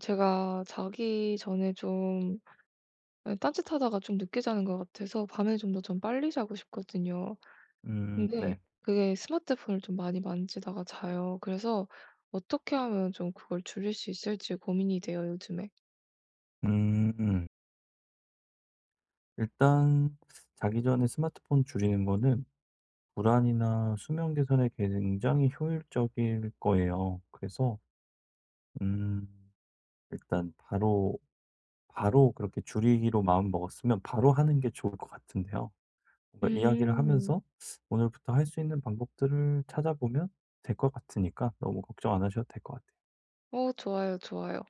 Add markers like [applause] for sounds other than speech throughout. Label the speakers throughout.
Speaker 1: 제가 자기 전에 좀 아니 딴짓하다가 좀 늦게 자는 것 같아서 밤에 좀 더 전 빨리 자고 싶거든요.
Speaker 2: 음 네.
Speaker 1: 근데 그게 스마트폰을 좀 많이 만지다가 자요. 그래서 어떻게 하면 좀 그걸 줄일 수 있을지 고민이 돼요 요즘에.
Speaker 2: 음. 일단 자기 전에 스마트폰 줄이는 거는 불안이나 수면 개선에 굉장히 효율적일 거예요. 그래서 음 일단 바로 바로 그렇게 줄이기로 마음 먹었으면 바로 하는 게 좋을 것 같은데요. 뭔가 이야기를
Speaker 1: 음.
Speaker 2: 하면서 오늘부터 할 수 있는 방법들을 찾아 보면 될 것 같으니까 너무 걱정 안 하셔도 될 것 같아요.
Speaker 1: 어 좋아요, 좋아요.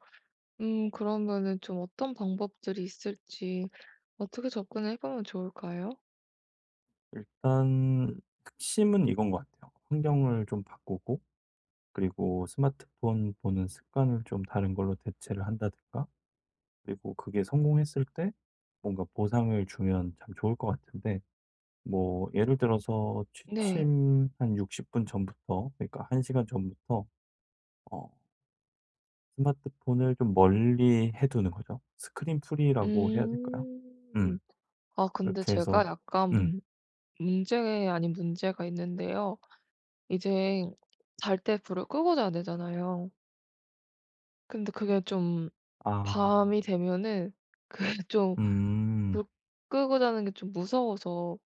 Speaker 1: 음 그러면은 좀 어떤 방법들이 있을지 어떻게 접근을 해 보면 좋을까요?
Speaker 2: 일단 핵심은 이건 것 같아요. 환경을 좀 바꾸고 그리고 스마트폰 보는 습관을 좀 다른 걸로 대체를 한다든가. 그리고 그게 성공했을 때 뭔가 보상을 주면 참 좋을 것 같은데 뭐 예를 들어서
Speaker 1: 네.
Speaker 2: 취침 한 60 분 전부터 그러니까 1 시간 전부터 어 스마트폰을 좀 멀리 해 두는 거죠. 스크린 프리 라고 해야 될까요. 음.
Speaker 1: 음. 아 근데
Speaker 2: 그렇게
Speaker 1: 제가
Speaker 2: 해서
Speaker 1: 약간
Speaker 2: 음.
Speaker 1: 문 문제 아닌 문제가 있는데요. 이젠 잘 때 불을 끄고 자야 되잖아요. 근데 그게 좀
Speaker 2: 아.
Speaker 1: 밤이 되면은 그 쫌
Speaker 2: 음.
Speaker 1: 불 끄고 자는 게 좀 무서워서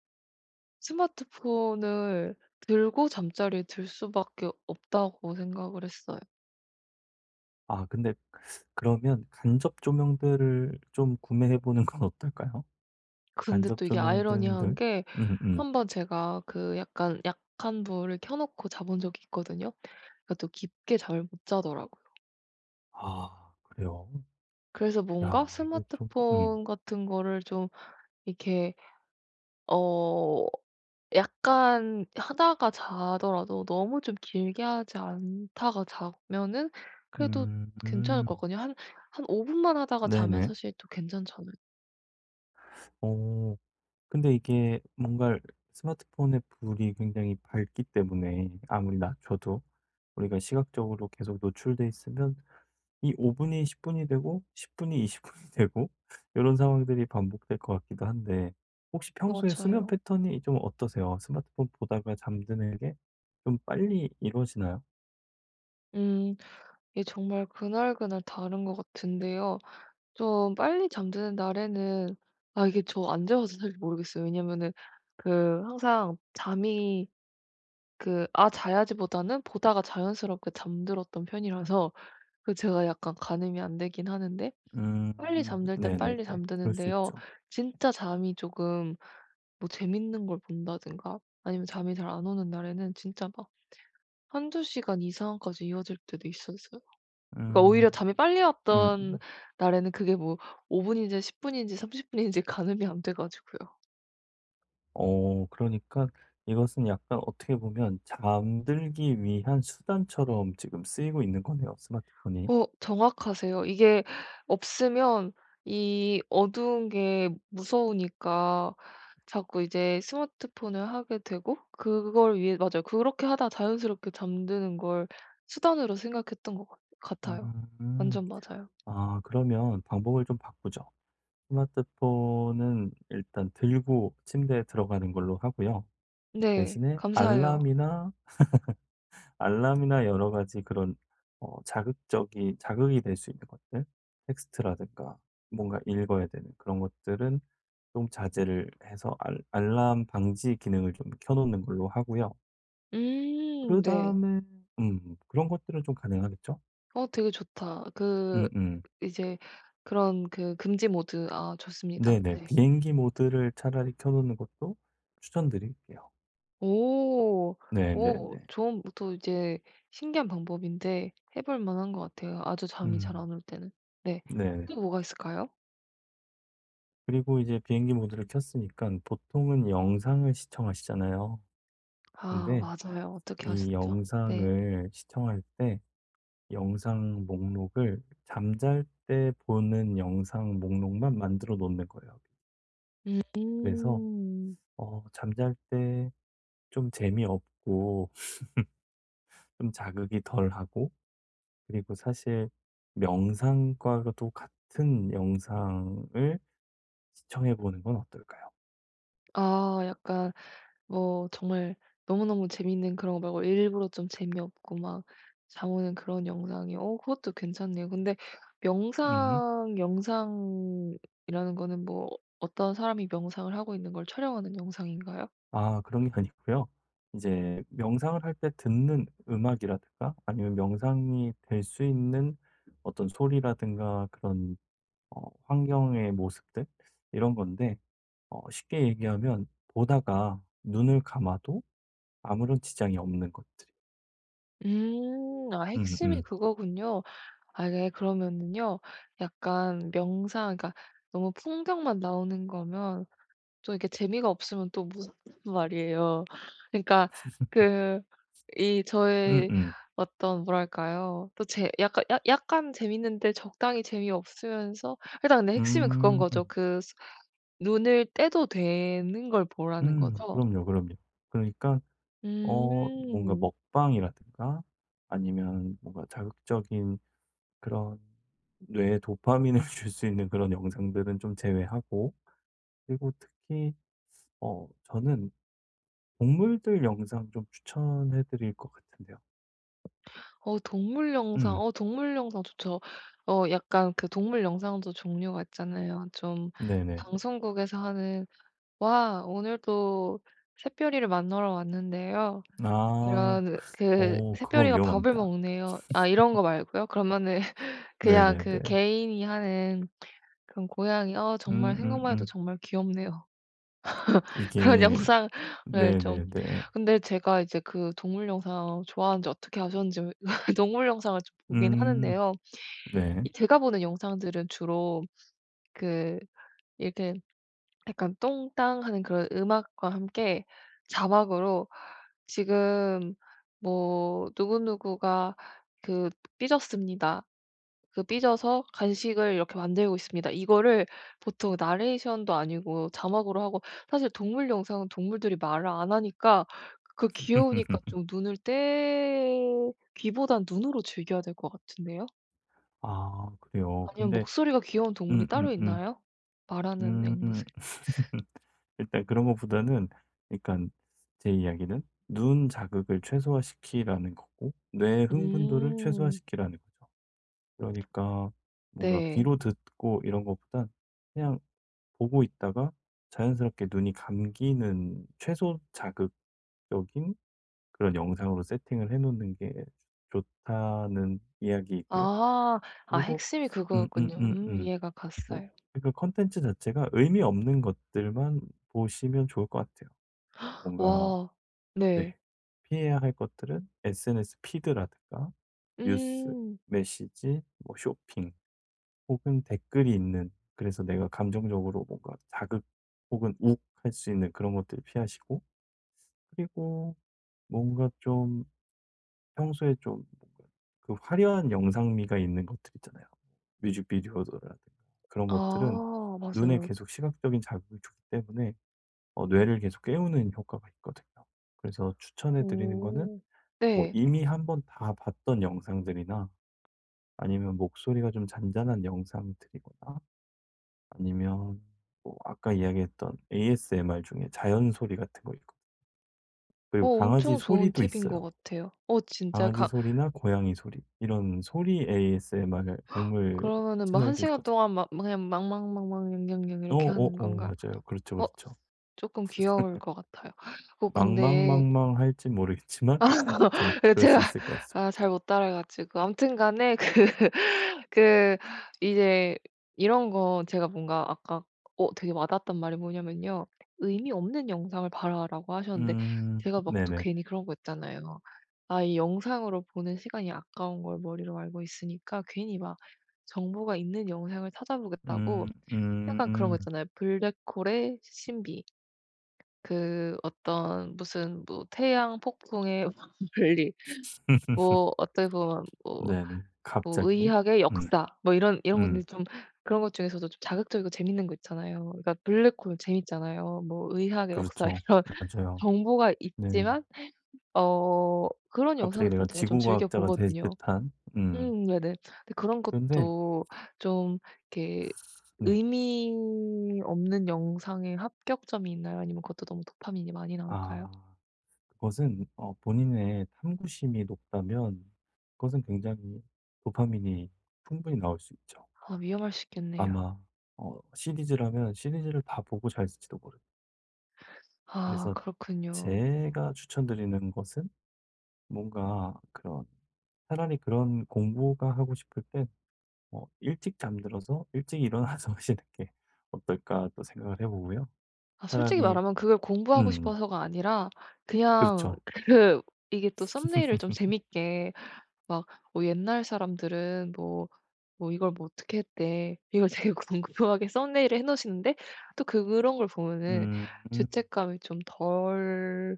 Speaker 1: 스마트폰을 들고 잠자리에 들 수밖에 없다고 생각을 했어요.
Speaker 2: 아 근데 그러면 간접 조명들을 좀 구매해 보는 건 어떨까요?
Speaker 1: 근데
Speaker 2: 간접
Speaker 1: 또 이게 아이러니한
Speaker 2: 조명등들
Speaker 1: 게
Speaker 2: 음 음.
Speaker 1: 한번 제가 그 약간 약한 불을 켜 놓고 자 본 적이 있거든요. 그러니까 또 깊게 잠을 못 자더라고요.
Speaker 2: 아 그래요?
Speaker 1: 그래서 뭔가
Speaker 2: 야 이거 참 음.
Speaker 1: 스마트폰 같은 거를 좀 이렇게 어 약간 하다가 자더라도 너무 좀 길게 하지 않다가 자면은 그래도 괜찮을
Speaker 2: 음.
Speaker 1: 것 같거든요. 한 한 5 분만 하다가 자면
Speaker 2: 네네.
Speaker 1: 사실 또 괜찮지 않을
Speaker 2: 어. 근데 이게 뭔가를 스마트폰의 불이 굉장히 밝기 때문에 아무리 낮춰도 우리가 시각적으로 계속 노출돼 있으면 이 5 분이 10 분이 되고 10 분이 20 분이 되고 요런 상황들이 반복될 것 같기도 한데 혹시 평소에 수면
Speaker 1: 맞아요.
Speaker 2: 패턴이 좀 어떠세요? 스마트폰 보다가 잠드는 게 좀 빨리 이루어지나요?
Speaker 1: 음. 이게 정말 그날그날 다른 것 같은데요. 좀 빨리 잠드는 날에는 아 이게 저 안 재봐서 사실 모르겠어요, 왜냐면은 그 항상 잠이 그 '아 자야지.'보다는 보다가 자연스럽게 잠들었던 편이라서 그 제가 약간 가늠이 안 되기는 하는데 빨리
Speaker 2: 음
Speaker 1: 잠들 때는
Speaker 2: 네네네.
Speaker 1: 빨리
Speaker 2: 그럴 수
Speaker 1: 잠드는데요.
Speaker 2: 있죠.
Speaker 1: 진짜 잠이 쪼금 뭐 재밌는 걸 본다든가 아니면 잠이 잘 안 오는 날에는 진짜 막 1-2 시간 이상까지 이어질 때도 있었어요. 그러니까
Speaker 2: 음.
Speaker 1: 오히려 잠이 빨리 왔던
Speaker 2: 음음.
Speaker 1: 날에는 그게 뭐 5 분인지 10 분인지 30 분인지 가늠이 안 돼 가지고요.
Speaker 2: 어 그러니까 이것은 약간 어떻게 보면 잠들기 위한 수단처럼 지금 쓰이고 있는 거네요, 스마트폰이.
Speaker 1: 어 정확하세요. 이게 없으면 이 어두운 게 무서우니까 자꾸 이제 스마트폰을 하게 되고 그걸 위해 맞아요. 그렇게 하다 자연스럽게 잠드는 걸 수단으로 생각했던 것 같 같아요.
Speaker 2: 음.
Speaker 1: 완전 맞아요.
Speaker 2: 아 그러면 방법을 좀 바꾸죠. 스마트폰은 일단 들고 침대에 들어가는 걸로 하고요.
Speaker 1: 네.
Speaker 2: 대신에
Speaker 1: 감사해요.
Speaker 2: 알람이나 [laughs] 알람이나 여러 가지 그런 어 자극적인 자극이 될 수 있는 것들 텍스트라든가 뭔가 읽어야 되는 그런 것들은 좀 자제를 해서 알 알람 방지 기능을 좀 켜 놓는 걸로 하고요.
Speaker 1: 음 네.
Speaker 2: 그다음에 음 그런 것들은 좀 가능하겠죠?
Speaker 1: 어 되게 좋다. 그
Speaker 2: 음음.
Speaker 1: 이제 그런 그 금지모드 아 좋습니다.
Speaker 2: 네네.
Speaker 1: 네.
Speaker 2: 비행기 모드를 차라리 켜 놓는 것도 추천드릴게요.
Speaker 1: 오. 오
Speaker 2: 네네네.
Speaker 1: 좀 보통 이제 신기한 방법인데 해 볼 만 한 것 같아요, 아주 잠이 잘
Speaker 2: 음.
Speaker 1: 안 올 때는. 네.
Speaker 2: 네네.
Speaker 1: 또 뭐가 있을까요?
Speaker 2: 그리고 이제 비행기 모드를 켰으니깐 보통은 영상을 시청하시잖아요.
Speaker 1: 아
Speaker 2: 근데
Speaker 1: 맞아요. 어떻게
Speaker 2: 이
Speaker 1: 하셨죠? 네.
Speaker 2: 영상을 시청할 때 영상 목록을 잠잘 때 보는 영상 목록만 만들어 놓는 거예요. 그래서
Speaker 1: 음.
Speaker 2: 어 잠잘 때 좀 재미없고 [laughs] 좀 자극이 덜하고 그리고 사실 명상과도 같은 영상을 시청해 보는 건 어떨까요?
Speaker 1: 아 약간 뭐 정말 너무너무 재밌는 그런 거 말고 일부러 좀 재미없고 막 잠 오는 그런 영상이 어 그것도 괜찮네요. 근데
Speaker 2: 음.
Speaker 1: 명상 영상이라는 거는 뭐 어떤 사람이 명상을 하고 있는 걸 촬영하는 영상인가요?
Speaker 2: 아 그런 게 아니고요. 이제 명상을 할 때 듣는 음악이라든가 아니면 명상이 될 수 있는 어떤 소리라든가 그런 어 환경의 모습들 이런 건데 어 쉽게 얘기하면 보다가 눈을 감아도 아무런 지장이 없는 것들.
Speaker 1: 음 아 핵심이
Speaker 2: 음음.
Speaker 1: 그거군요. 아 네 그러면은요, 약간 명상 그러니까 너무 풍경만 나오는 거면 또 이렇게 재미가 없으면 또 [unintelligible] 말이에요. 그러니까 그 이
Speaker 2: [laughs]
Speaker 1: 저의
Speaker 2: 음음.
Speaker 1: 어떤 뭐랄까요. 또 제 약간 약 약간 재미있는데 적당히 재미없으면서 일단 근데 핵심은 그건 거죠.
Speaker 2: 음.
Speaker 1: 그 스 눈을 떼도 되는 걸 보라는
Speaker 2: 음.
Speaker 1: 거죠?
Speaker 2: 그럼요, 그럼요. 그러니까 어 뭔가
Speaker 1: 음.
Speaker 2: 먹방이라든가 아니면 뭔가 자극적인 그런 뇌에 도파민을 줄 수 있는 그런 영상들은 좀 제외하고 그리고 특히 어 저는 동물들 영상 좀 추천해 드릴 것 같은데요.
Speaker 1: 어 동물 영상,
Speaker 2: 음.
Speaker 1: 어 동물 영상 좋죠. 어 약간 그 동물 영상도 종류가 있잖아요. 좀
Speaker 2: 네네.
Speaker 1: 방송국에서 하는 "와 오늘도 샛별이를 만나러 왔는데요.
Speaker 2: 아.
Speaker 1: 이런 그
Speaker 2: 어 그건
Speaker 1: 샛별이가 밥을
Speaker 2: 위험합니다.
Speaker 1: 먹네요." 아 이런 거 말고요. 그러면은 [laughs]
Speaker 2: [laughs]
Speaker 1: 그냥 그
Speaker 2: 네네네.
Speaker 1: 개인이 하는 그런 고양이 어 정말 생각만 해도
Speaker 2: 음음음.
Speaker 1: 정말 귀엽네요. [laughs] 그런
Speaker 2: 이게
Speaker 1: 영상을 좀
Speaker 2: 네네네.
Speaker 1: 근데 제가 이제 그 동물 영상 좋아하는지 어떻게 아셨는지 [laughs] 동물 영상을 좀 보기는
Speaker 2: 음.
Speaker 1: 하는데요.
Speaker 2: 네.
Speaker 1: 이 제가 보는 영상들은 주로 그 이렇게 약간 똥땅하는 그런 음악과 함께 자막으로 '지금 뭐 누구누구가 그 삐졌습니다. 그 삐져서 간식을 이렇게 만들고 있습니다.' 이거를 보통 나레이션도 아니고 자막으로 하고 사실 동물 영상은 동물들이 말을 안 하니까 그 귀여우니까
Speaker 2: [laughs]
Speaker 1: 좀 눈을 떼 귀보다는 눈으로 즐겨야 될 것 같은데요.
Speaker 2: 아 그래요?
Speaker 1: 아니면
Speaker 2: 근데
Speaker 1: 목소리가 귀여운 동물이 따로
Speaker 2: 음음음.
Speaker 1: 있나요? 말하는
Speaker 2: 음.
Speaker 1: 앵무새
Speaker 2: [laughs] 일단 그런 것보다는 그러니깐 제 이야기는 눈 자극을 최소화시키라는 거고 뇌의 흥분도를
Speaker 1: 음.
Speaker 2: 최소화시키라는 거죠. 그러니까 뭔가
Speaker 1: 네.
Speaker 2: 귀로 듣고 이런 것보다 그냥 보고 있다가 자연스럽게 눈이 감기는 최소 자극적인 그런 영상으로 세팅을 해 놓는 게 좋다는 이야기이고요.
Speaker 1: 아. 아
Speaker 2: 그리고
Speaker 1: 핵심이 그거였군요. 음
Speaker 2: 음음음음.
Speaker 1: 이해가
Speaker 2: 뭐
Speaker 1: 갔어요.
Speaker 2: 그러니까 컨텐츠 자체가 의미 없는 것들만 보시면 좋을 것 같아요.
Speaker 1: [gasps]
Speaker 2: 뭔가
Speaker 1: 와
Speaker 2: 네.
Speaker 1: 네.
Speaker 2: 피해야 할 것들은 SNS 피드라든가 뉴스,
Speaker 1: 음.
Speaker 2: 메시지, 뭐 쇼핑 혹은 댓글이 있는 그래서 내가 감정적으로 뭔가 자극 혹은 욱할 수 있는 그런 것들을 피하시고 그리고 뭔가 좀 평소에 좀 그 화려한 영상미가 있는 것들 있잖아요. 뮤직비디오라든가 그런 것들은
Speaker 1: 아
Speaker 2: 눈에
Speaker 1: 맞아요.
Speaker 2: 계속 시각적인 자극을 주기 때문에 어 뇌를 계속 깨우는 효과가 있거든요. 그래서 추천해 드리는 거는
Speaker 1: 오.
Speaker 2: 뭐
Speaker 1: 네.
Speaker 2: 이미 1 번 다 봤던 영상들이나 아니면 목소리가 좀 잔잔한 영상들이거나 아니면 뭐 아까 이야기했던 ASMR 중에 자연 소리 같은 거 있고
Speaker 1: 어
Speaker 2: 그리고 강아지
Speaker 1: 엄청 좋은
Speaker 2: 소리도
Speaker 1: 팁인 거
Speaker 2: 있어요.
Speaker 1: 같아요. 어 진짜
Speaker 2: 강아지
Speaker 1: 가
Speaker 2: 소리나 고양이 소리 이런 소리 ASMR
Speaker 1: [gasps]
Speaker 2: 동물
Speaker 1: 그러면은 뭐 1
Speaker 2: 채널도
Speaker 1: 시간
Speaker 2: 있거든
Speaker 1: 동안 막 그냥 "망망망망 영영영." 이렇게 하는
Speaker 2: 어어어
Speaker 1: 건가?
Speaker 2: 맞아요. 그렇죠,
Speaker 1: 어?
Speaker 2: 그렇죠.
Speaker 1: 쪼끔 귀여울 것 같아요. 어
Speaker 2: [laughs]
Speaker 1: 근데
Speaker 2: "망망망망."할지 모르겠지만 아무튼
Speaker 1: [laughs] 그
Speaker 2: 그럴
Speaker 1: 제가
Speaker 2: 수 있을 것
Speaker 1: 아
Speaker 2: 같습니다.
Speaker 1: 잘못 따라해 가지고 아무튼간에 그 그 이제 이런 거 제가 뭔가 아까 어 되게 와 닿았던 말이 뭐냐면요 "의미 없는 영상을 봐라."라고 하셨는데
Speaker 2: 음
Speaker 1: 제가 막 또
Speaker 2: 네네.
Speaker 1: 괜히 그런 거 있잖아요. 아 이 영상으로 보는 시간이 아까운 걸 머리로 알고 있으니까 괜히 막 정보가 있는 영상을 찾아보겠다고
Speaker 2: 음 음
Speaker 1: 약간 그런 거
Speaker 2: 음.
Speaker 1: 있잖아요. 블랙홀의 신비. 그 어떤 무슨 뭐 태양 폭풍의 [laughs] 분리
Speaker 2: [laughs]
Speaker 1: 뭐 어떻게 보면 뭐
Speaker 2: 네네.
Speaker 1: 뭐
Speaker 2: 갑자기.
Speaker 1: 의학의
Speaker 2: 음.
Speaker 1: 역사 뭐 이런 이런
Speaker 2: 음.
Speaker 1: 것들이 좀 그런 것 중에서도 좀 자극적이고 재밌는 거 있잖아요. 그러니까 블랙홀 재밌잖아요. 뭐 의학의 역사
Speaker 2: 그렇죠.
Speaker 1: 이런
Speaker 2: 맞아요.
Speaker 1: 정보가
Speaker 2: 네.
Speaker 1: 있지만 어 그런
Speaker 2: 갑자기
Speaker 1: 영상을 좀
Speaker 2: 내가
Speaker 1: 제가 좀
Speaker 2: 지구
Speaker 1: 즐겨
Speaker 2: 과학자가 될
Speaker 1: 보거든요.
Speaker 2: 듯한. 음.
Speaker 1: 음 네네. 근데 그런
Speaker 2: 그런데
Speaker 1: 것도 좀 이렇게
Speaker 2: 네.
Speaker 1: 의미 없는 영상의 합격점이 있나요 아니면 그것도 너무 도파민이 많이 나올까요?
Speaker 2: 아. 그것은 어 본인의 탐구심이 높다면 그것은 굉장히 도파민이 충분히 나올 수 있죠.
Speaker 1: 아 위험할 수 있겠네요.
Speaker 2: 아마 어 시리즈라면 시리즈를 다 보고 자실지도 모릅니다.
Speaker 1: 아
Speaker 2: 그래서
Speaker 1: 그렇군요.
Speaker 2: 제가 추천드리는 것은 뭔가 그런 차라리 그런 공부가 하고 싶을 때 뭐 일찍 잠들어서 일찍 일어나서 하시는 게 어떨까 또 생각을 해 보고요.
Speaker 1: 아 솔직히
Speaker 2: 차라리
Speaker 1: 말하면 그걸 공부하고
Speaker 2: 음.
Speaker 1: 싶어서가 아니라 그냥
Speaker 2: 그렇죠.
Speaker 1: 그 이게 또 썸네일을 좀
Speaker 2: [laughs]
Speaker 1: 재밌게 막 "어 옛날 사람들은 뭐, 뭐 이걸 뭐 어떻게 했대." 이걸 되게 궁금하게 썸네일을 해 놓으시는데 또 그런 걸 보면은
Speaker 2: 음.
Speaker 1: 죄책감이 좀 덜한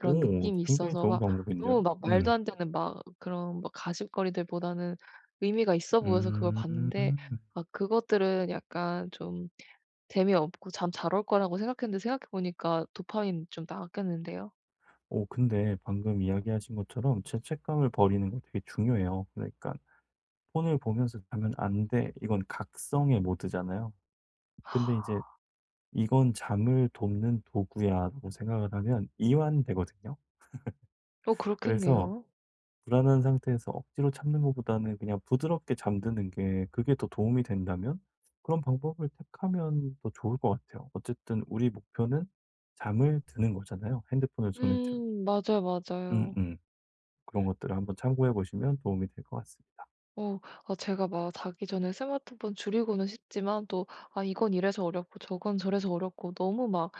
Speaker 1: 그런
Speaker 2: 오
Speaker 1: 느낌이
Speaker 2: 굉장히
Speaker 1: 있어서
Speaker 2: 좋은
Speaker 1: 막 너무
Speaker 2: 방법인데요.
Speaker 1: 막 말도
Speaker 2: 음.
Speaker 1: 안되는 막 그런 막 가십거리들보다는 의미가 있어 보여서 그걸
Speaker 2: 음.
Speaker 1: 봤는데 아 그것들은 약간 좀 재미없고 잠 잘 올 거라고 생각했는데 생각해 보니까 도파민 좀 나왔겠는데요.
Speaker 2: 어 근데 방금 이야기하신 것처럼 죄책감을 버리는 거 되게 중요해요. 그러니까 '폰을 보면서 자면 안 돼.' 이건 각성의 모드잖아요. 근데 인제
Speaker 1: [sighs]
Speaker 2: '이건 잠을 돕는 도구야.'라고 생각을 하면 이완되거든요.
Speaker 1: 어
Speaker 2: [laughs] 그래서
Speaker 1: 그렇겠네요.
Speaker 2: 불안한 상태에서 억지로 참는 것보다는 그냥 부드럽게 잠드는 게 그게 더 도움이 된다면 그런 방법을 택하면 더 좋을 것 같아요. 어쨌든 우리 목표는 잠을 드는 거잖아요 핸드폰을 손에 들고.
Speaker 1: 음 맞아요 맞아요.
Speaker 2: 음음. 그런 것들을 한번 참고해 보시면 도움이 될 것 같습니다.
Speaker 1: 어 아 제가 막 자기 전에 스마트폰 줄이고는 싶지만 또 '아 이건 이래서 어렵고 저건 저래서 어렵고 너무 막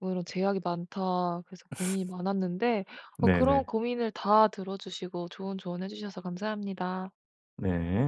Speaker 1: 어 이런 제약이 많다.' 그래서
Speaker 2: [laughs]
Speaker 1: 고민이 많았는데 어 그런
Speaker 2: 네네.
Speaker 1: 고민을 다 들어 주시고 좋은 조언해 주셔서 감사합니다.
Speaker 2: 네.